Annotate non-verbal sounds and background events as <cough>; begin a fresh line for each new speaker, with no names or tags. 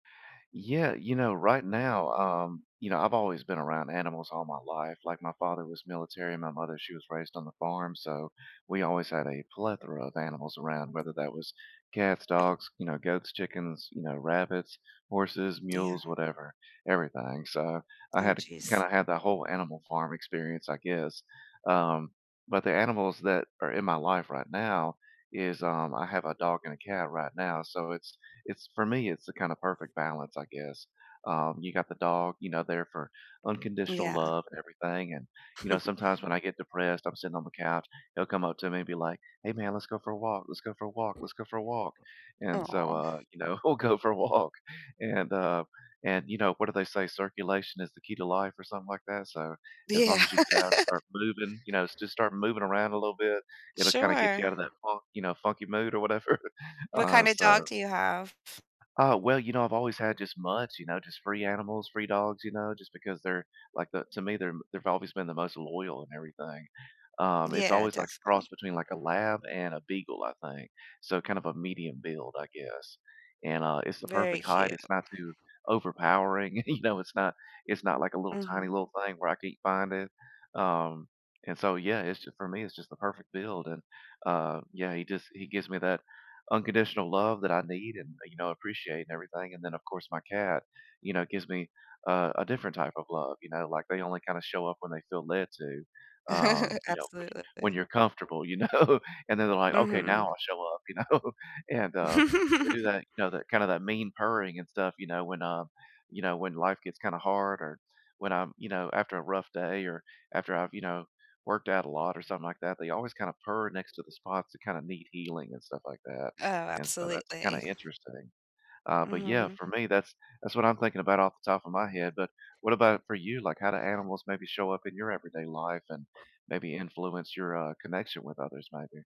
Yeah, you know, right now, um You know, I've always been around animals all my life. Like, my father was military. My mother, she was raised on the farm, so we always had a plethora of animals around, whether that was cats, dogs, you know, goats, chickens, you know, rabbits, horses,
Yeah.
mules, whatever, everything. So, I
Oh,
had to
jeez.
kinda have that whole animal farm experience, I guess. Um, but the animals that are in my life right now is, um I have a dog and a cat right now. So it's it's for me, it's the kinda perfect balance, I guess. Um, you got the dog, you know, there for unconditional
Yeah.
love and everything, and, you know,
<chuckles>
sometimes when I get depressed, I'm sitting on the couch, he'll come up to me and be like, "Hey, man, let's go for a walk. Let's go for a walk. Let's go for a walk." And so,
Aw.
uh, you know, we'll go for a walk. And, um and, you know, what do they say, "Circulation is the key to life," or something like that, so as long
Yeah.
as you get out and
<laughs>
start moving, you know, st just start moving around a little bit, it'll kinda get
Sure.
you out of that funk, you know, funky mood or whatever.
What
Uh,
kinda dog
so
do you have?
Uh, well, you know, I've always had just mutts, you know, just free animals, free dogs, you know, just because they're, like, the to me, they're they've always been the most loyal and everything. Um, it's
Yeah,
always like a cross
definitely.
between, like, a lab and a beagle, I think. So kind of a medium build, I guess. And, uh, it's the
Very
perfect height.
cute.
It's not too overpowering. You know, it's not it's not like a little tiny
Mhm.
little thing where I can't find it. Um, and so, yeah, it's just for me, it's just the perfect build. And, uh, yeah, he just he gives me that unconditional love that I need and, uh, you know, appreciate and everything. And then, of course, my cat, you know, gives me a a different type of love, you know? Like, they only kinda show up when they feel led to, um,
<chuckles>
you know, when you when
Absolutely.
you're comfortable, you know? And then they're like, "Okay, now
Mhm.
I'll show up," you know? And, um, they do
<laughs>
that you know, that kind of that mean purring and stuff, you know, when, um you know, when life gets kinda hard or when, um, you know, after a rough day, or after I've, you know, worked out a lot or something like that, they always kinda purr next to the spots that kinda need healing and stuff like that.
Oh,
And so that's kinda
absolutely.
interesting. Uh, but, yeah,
Mhm.
for me, that's that's what I'm thinking about off the top of my head, but, what about for you? Like, how do animals maybe show up in your everyday life and maybe influence your, uh, connection with others maybe?